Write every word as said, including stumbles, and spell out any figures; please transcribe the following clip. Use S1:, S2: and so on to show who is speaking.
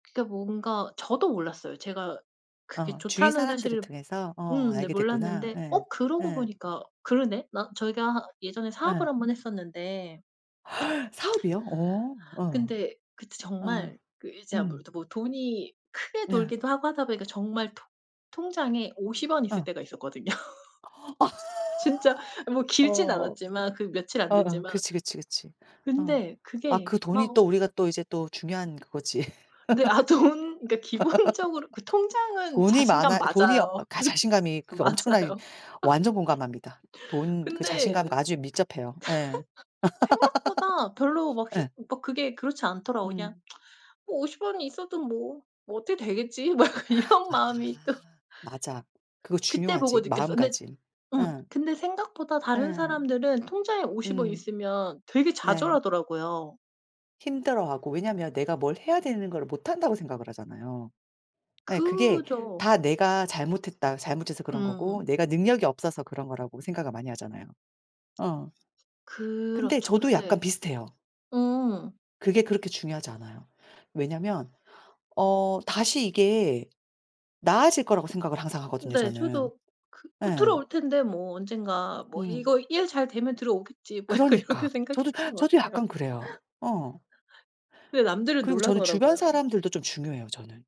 S1: 진짜 뭔가 저도 몰랐어요. 제가 그게
S2: 어 주위
S1: 좋다는
S2: 사람들을
S1: 사실을
S2: 통해서 어
S1: 음 네
S2: 알게 됐구나.
S1: 몰랐는데
S2: 예.
S1: 어 그러고
S2: 예.
S1: 보니까 그러네 나 저희가 예전에 사업을
S2: 예.
S1: 한 번 했었는데
S2: 사업이요? 어. 어.
S1: 근데 그때
S2: 어.
S1: 정말 그
S2: 음.
S1: [unintelligible] 뭐 돈이 크게
S2: 네.
S1: 돌기도 하고 하다 보니까 정말 통 통장에 오십 원 있을
S2: 어.
S1: 때가 있었거든요. 진짜 뭐 길진
S2: 어.
S1: 않았지만 그 며칠 안
S2: 어아
S1: 됐지만
S2: 그치, 그치, 그치. 어.
S1: 근데
S2: 아
S1: 그게
S2: 그 돈이
S1: 막
S2: 또 우리가 또 이제 또 중요한 그거지.
S1: 네 아 돈 그러니까 기본적으로 그 통장은
S2: 돈이
S1: 자신감
S2: 많아 돈이 어
S1: 맞아요.
S2: 가 자신감이 그
S1: 맞아.
S2: 엄청나게
S1: 맞아요.
S2: 완전 공감합니다.
S1: 근데
S2: 돈 그 자신감과 아주 밀접해요. 예.
S1: 생각보다 별로 막 힘
S2: 예.
S1: 막 그게 그렇지 않더라고요. 그냥
S2: 음.
S1: 뭐 오십 원이 있어도 뭐, 뭐 어떻게 되겠지 막 이런
S2: 아
S1: 마음이 또
S2: 맞아. 그거
S1: 그때 보고
S2: 중요하지,
S1: 느꼈어요. 근데
S2: 마음가짐.
S1: 음
S2: 예.
S1: 근데 생각보다 다른
S2: 예.
S1: 사람들은 통장에 오십 원
S2: 음.
S1: 있으면 되게
S2: 네.
S1: 좌절하더라고요.
S2: 힘들어하고 왜냐면 내가 뭘 해야 되는 거를 못한다고 생각을 하잖아요. 예 그게
S1: 그죠.
S2: 다 내가 잘못했다 잘못해서 그런 거고
S1: 음.
S2: 내가 능력이 없어서 그런 거라고 생각을 많이 하잖아요. 어. 근데
S1: 그렇죠.
S2: 저도 약간
S1: 근데
S2: 비슷해요.
S1: 음.
S2: 그게 그렇게 중요하지 않아요. 왜냐면 어 다시 이게 나아질 거라고 생각을 항상 하거든요,
S1: 네
S2: 저는.
S1: 저도 그 '뭐
S2: 예.
S1: 들어올 텐데 뭐 언젠가 뭐
S2: 음.
S1: 이거 일 잘 되면 들어오겠지.' 뭐 약간
S2: 그러니까.
S1: 이렇게
S2: 저도
S1: 생각했던 것
S2: 저도
S1: 같아요.
S2: 약간 그래요. 어.
S1: 근데 남들은
S2: 그리고 저는 주변
S1: 놀라더라고요.
S2: 사람들도 좀 중요해요, 저는.